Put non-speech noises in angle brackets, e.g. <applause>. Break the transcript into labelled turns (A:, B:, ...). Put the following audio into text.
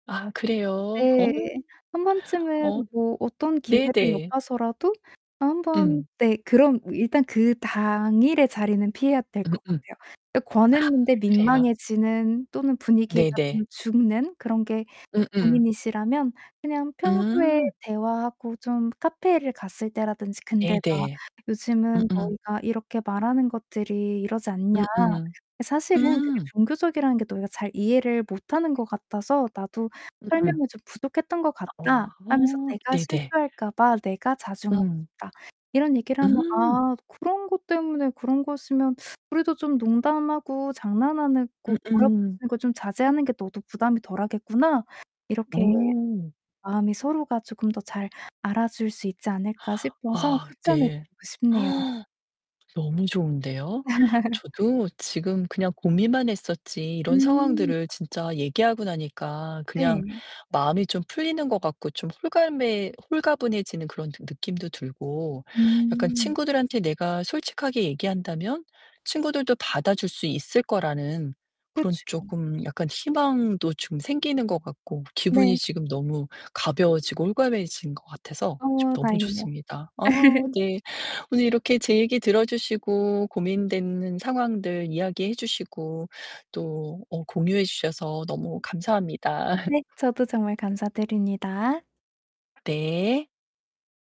A: 아, 그래요?
B: 네,
A: 어,
B: 1 번쯤은
A: 어.
B: 뭐 어떤 기회를
A: 네네.
B: 엿봐서라도 어, 한번
A: 음.
B: 네, 그럼 일단 그 당일의 자리는 피해야 될 것
A: 음음. 아,
B: 같아요. 그러니까 권했는데
A: 그래요.
B: 민망해지는 또는 분위기가 좀
A: 네네.
B: 죽는 그런 게
A: 음음.
B: 고민이시라면 그냥 평소에
A: 음.
B: 대화하고 좀 카페를 갔을 때라든지 근데 막
A: 네네.
B: "요즘은
A: 음음.
B: 너희가 이렇게 말하는 것들이 이러지 않냐.
A: 음음.
B: 이 사실은 그게
A: 음.
B: 종교적이라는 게 너희가 잘 이해를 못 하는 것 같아서 나도
A: 음음.
B: 설명이 좀 부족했던 것
A: 아,
B: 같다."
A: 우아
B: 하면서
A: 어,
B: "내가
A: 네 네.
B: 실수할까 봐 내가 자중하고
A: 음.
B: 싶다." 이런 얘기를 하면
A: 음.
B: "아, 그런 것 때문에 그런 거였으면 <sucks teeth> 우리도 좀 농담하고 장난하는 거
A: 음음.
B: 몰아붙이는 거 좀 자제하는 게 너도 부담이 덜하겠구나." 이렇게
A: 어.
B: 마음이 서로가 조금 더 잘 알아줄 수 있지 않을까 싶어서
A: 아,
B: 추천해
A: 네.
B: 드리고 싶네요.
A: 너무 좋은데요?
B: <laughs>
A: 저도 지금 그냥 고민만 했었지 이런
B: 음.
A: 상황들을 진짜 얘기하고 나니까 그냥
B: 네.
A: 마음이 좀 풀리는 것 같고 좀 홀가매 홀가분해지는 그런 느 느낌도 들고, 약간
B: 음.
A: 친구들한테 내가 솔직하게 얘기한다면 친구들도 받아줄 수 있을 거라는 그런
B: 그쵸.
A: 쪼금 약간 희망도 좀 생기는 것 같고, 기분이
B: 네.
A: 지금 너무 가벼워지고 홀가분해진 것 같아서 좀
B: 어,
A: 너무
B: 다행이네요.
A: 좋습니다. 아,
B: <laughs>
A: 네. 오늘 이렇게 제 얘기 들어주시고 고민되는 상황들 이야기해 주시고 또 어 공유해 주셔서 너무 감사합니다.
B: 네,
A: <laughs>
B: 저도 정말 감사드립니다.
A: 네.